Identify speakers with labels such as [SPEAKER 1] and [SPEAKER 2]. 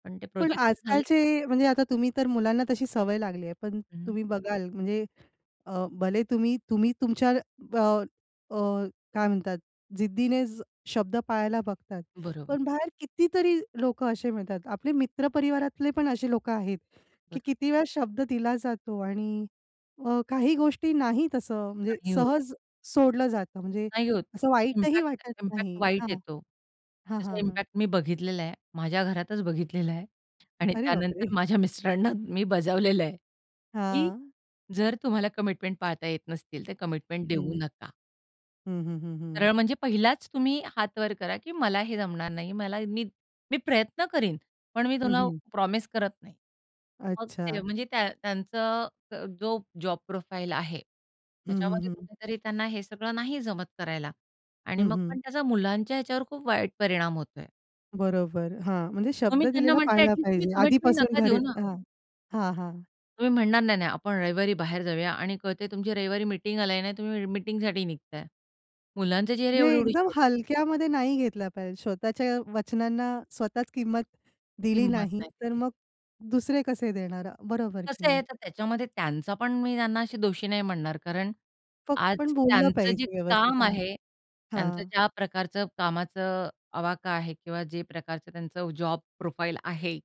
[SPEAKER 1] पण ते
[SPEAKER 2] पण
[SPEAKER 1] प्रोजेक्ट जर झालं.
[SPEAKER 2] आजकालचे
[SPEAKER 1] [unintelligible]
[SPEAKER 2] म्हणजे आता तुम्ही तर मुलांना तशी सवय लागली आहे, पण
[SPEAKER 1] हं.
[SPEAKER 2] तुम्ही बघाल म्हणजे अ, भले तुम्ही तुम्ही तुमच्या अ, अ, काय म्हणतात, जिद्दीने शब्द पाळायला बघतात,
[SPEAKER 1] बरोबर.
[SPEAKER 2] पण बाहेर कितीतरी लोकं असे मिळतात. आपले मित्र परिवारातले पण असे लोकं आहेत, की
[SPEAKER 1] बरं.
[SPEAKER 2] किती वेळा शब्द दिला जातो आणि अ, काही गोष्टी नाहीत असं म्हणजे
[SPEAKER 1] नाही होत.
[SPEAKER 2] सहज सोडलं जातं, म्हणजे
[SPEAKER 1] नाही होत
[SPEAKER 2] असं वाईटही
[SPEAKER 1] इम्पॅक्ट
[SPEAKER 2] वाटत
[SPEAKER 1] इम्पॅक्ट
[SPEAKER 2] नाही.
[SPEAKER 1] वाईट
[SPEAKER 2] हां,
[SPEAKER 1] येतो.
[SPEAKER 2] हां,
[SPEAKER 1] त्याचा
[SPEAKER 2] हां, हां.
[SPEAKER 1] इम्पॅक्ट मी बघितलेला आहे माझ्या घरातच बघितलेलं आहे. आणि
[SPEAKER 2] अरे
[SPEAKER 1] त्यानंतर
[SPEAKER 2] बापरे!
[SPEAKER 1] माझ्या मिस्टरांना मी बजावलेल आहे, की
[SPEAKER 2] हां.
[SPEAKER 1] जर तुम्हाला कमिटमेंट पाळता येत नसतील तर कमिटमेंट देऊ
[SPEAKER 2] हं.
[SPEAKER 1] नका.
[SPEAKER 2] हं, हं, हं,
[SPEAKER 1] सरळ
[SPEAKER 2] हं.
[SPEAKER 1] म्हणजे पहिलाच तुम्ही हातवर करा, की मला हे जमणार नाही. मला मी मी प्रयत्न करीन पण मी
[SPEAKER 2] हं,
[SPEAKER 1] तुला
[SPEAKER 2] हं.
[SPEAKER 1] प्रॉमिस करत नाही. मग ते
[SPEAKER 2] अच्छा.
[SPEAKER 1] म्हणजे त्या त्यांचं अ, जो जॉब प्रोफाइल आहे
[SPEAKER 2] हं, हं,
[SPEAKER 1] त्याच्यामध्ये
[SPEAKER 2] हं हं.
[SPEAKER 1] कुठेतरी त्यांना हे सगळं नाही जमत करायला आणि
[SPEAKER 2] हं,
[SPEAKER 1] मग
[SPEAKER 2] हं.
[SPEAKER 1] पण त्याचा मुलांच्या ह्याच्यावर खूप वाईट परिणाम होतोय.
[SPEAKER 2] बरोबर हां, म्हणजे
[SPEAKER 1] मग
[SPEAKER 2] शब्द
[SPEAKER 1] मी त्यांना
[SPEAKER 2] दिलेला
[SPEAKER 1] म्हणते ॲट
[SPEAKER 2] पाळला
[SPEAKER 1] लिस्ट तुम्ही
[SPEAKER 2] पाहिजे
[SPEAKER 1] कमिटमेंट
[SPEAKER 2] आधीपासून
[SPEAKER 1] नका
[SPEAKER 2] घरी.
[SPEAKER 1] देऊ ना.
[SPEAKER 2] हां, हां, हां.
[SPEAKER 1] तुम्ही म्हणणार नाही, नाही आपण रविवारी बाहेर जाऊया आणि कळतंय तुमची रविवारी मीटिंग आल नाही तुम्ही मीटिंगसाठी निघताय. मुलांचे चेहरे
[SPEAKER 2] म्हणजे एकदम
[SPEAKER 1] एवढी-एवढीशे होत आहेत.
[SPEAKER 2] हलक्यामध्ये नाही घेतला पाहिजे स्वतःच्या वचनांना. स्वतःच किंमत दिली
[SPEAKER 1] हिंमत
[SPEAKER 2] नाही,
[SPEAKER 1] नाही
[SPEAKER 2] तर
[SPEAKER 1] दिली.
[SPEAKER 2] मग दुसरे कसे देणार? बरोबर की
[SPEAKER 1] कसे आहे
[SPEAKER 2] नाही?
[SPEAKER 1] तर त्याच्यामध्ये त्यांचा पण मी त्यांना अशी दोषी नाही म्हणणार, कारण
[SPEAKER 2] फक्त
[SPEAKER 1] आज
[SPEAKER 2] पण बोललं
[SPEAKER 1] त्यांचं जे
[SPEAKER 2] पाहिजे व्यवस्थित.
[SPEAKER 1] काम
[SPEAKER 2] हां,
[SPEAKER 1] आहे त्यांचं
[SPEAKER 2] हां.
[SPEAKER 1] ज्या प्रकारचं कामाचा आवाका आहे किंवा जे प्रकारचं त्यांचं जॉब प्रोफाइल आहे.